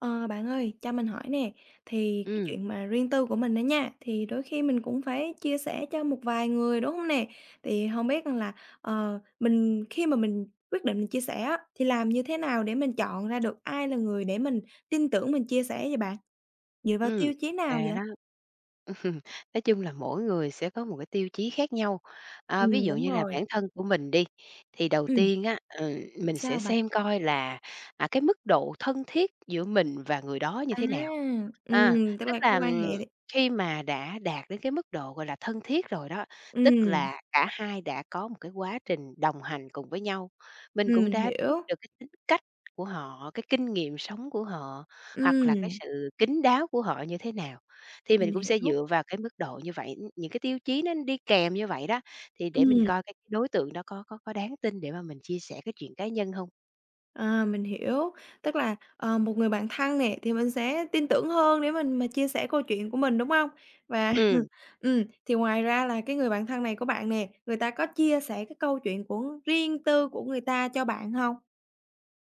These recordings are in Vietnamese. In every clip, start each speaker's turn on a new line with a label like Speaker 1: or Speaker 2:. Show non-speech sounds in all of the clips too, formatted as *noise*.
Speaker 1: Ờ, bạn ơi, cho mình hỏi nè, thì cái
Speaker 2: Ừm.
Speaker 1: chuyện mà riêng tư của mình đó nha, thì đôi khi mình cũng phải chia sẻ cho một vài người, đúng hông nè? Thì hông biết rằng là, ờ, mình khi mà mình quyết định mình chia sẻ á thì làm như thế nào để mình chọn ra được ai là người để mình tin tưởng mình chia sẻ vậy bạn? Dựa vào
Speaker 2: Ừm,
Speaker 1: tiêu chí nào
Speaker 2: và
Speaker 1: vậy?
Speaker 2: đó ừm, nói chung là mỗi người sẽ có một cái tiêu chí khác nhau. À, ví
Speaker 1: Ừm,
Speaker 2: dụ
Speaker 1: đúng
Speaker 2: như là
Speaker 1: rồi.
Speaker 2: bản thân của mình đi, thì đầu
Speaker 1: Ừm!
Speaker 2: tiên á, ừ, mình sẽ
Speaker 1: Sao bạn?
Speaker 2: xem coi là, à, cái mức độ thân thiết giữa mình và người đó như
Speaker 1: À!
Speaker 2: thế nào. À,
Speaker 1: Ừm, tức
Speaker 2: tức
Speaker 1: là cái
Speaker 2: là,
Speaker 1: quan
Speaker 2: ừm,
Speaker 1: hệ.
Speaker 2: khi mà đã đạt đến cái mức độ, gọi là, thân thiết rồi đó, tức
Speaker 1: Ừm.
Speaker 2: là cả hai đã có một cái quá trình đồng hành cùng với nhau, mình
Speaker 1: Ừm,
Speaker 2: cũng
Speaker 1: mình
Speaker 2: đã biết
Speaker 1: hiểu.
Speaker 2: được cái tính cách của họ, cái kinh nghiệm sống của họ, hoặc là cái
Speaker 1: Ừm.
Speaker 2: sự kín đáo của họ như thế nào, thì
Speaker 1: Mình
Speaker 2: mình cũng sẽ
Speaker 1: hiểu.
Speaker 2: dựa vào cái mức độ như vậy, ưm, những cái tiêu chí nó đi kèm như vậy đó, thì để mình
Speaker 1: Ừm.
Speaker 2: coi cái đối tượng đó có có có đáng tin để mà mình chia sẻ cái chuyện cá nhân hông.
Speaker 1: Ờ, mình hiểu. Tức là, ờ, một người bạn thân nè thì mình sẽ tin tưởng hơn để mình mà chia sẻ câu chuyện của mình, đúng hông? Và
Speaker 2: Ừm.
Speaker 1: *laughs* ừm, thì ngoài ra là cái người bạn thân này của bạn nè, người ta có chia sẻ cái câu chuyện của riêng tư của người ta cho bạn hông?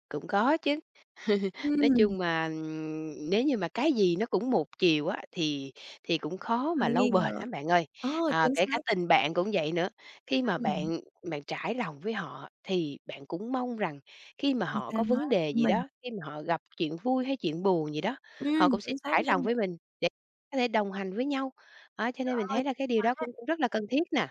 Speaker 2: Cũng có chứ! *laughs* Nói
Speaker 1: Ừm!
Speaker 2: chung mà, ừm, nếu như mà cái gì nó cũng một chiều á thì thì cũng khó mà
Speaker 1: Hơi
Speaker 2: lâu
Speaker 1: nghi
Speaker 2: bền
Speaker 1: ngờ.
Speaker 2: lắm bạn ơi.
Speaker 1: Ờ!
Speaker 2: À,
Speaker 1: Chính
Speaker 2: kể cả
Speaker 1: xác.
Speaker 2: tình bạn cũng vậy nữa, khi mà
Speaker 1: *unintelligible*
Speaker 2: bạn bạn trải lòng với họ thì bạn cũng mong rằng khi mà
Speaker 1: Người
Speaker 2: họ
Speaker 1: ta
Speaker 2: có
Speaker 1: nói
Speaker 2: vấn đề gì
Speaker 1: mình.
Speaker 2: đó, khi mà họ gặp chuyện vui hay chuyện buồn gì đó, họ
Speaker 1: Ừm!
Speaker 2: cũng sẽ
Speaker 1: Chính xác
Speaker 2: trải lòng
Speaker 1: nha.
Speaker 2: với mình để có thể đồng hành với nhau. Đó, cho
Speaker 1: Trời
Speaker 2: nên mình
Speaker 1: ơi
Speaker 2: thấy là cái điều đó
Speaker 1: quá!
Speaker 2: cũng cũng rất là cần thiết nè.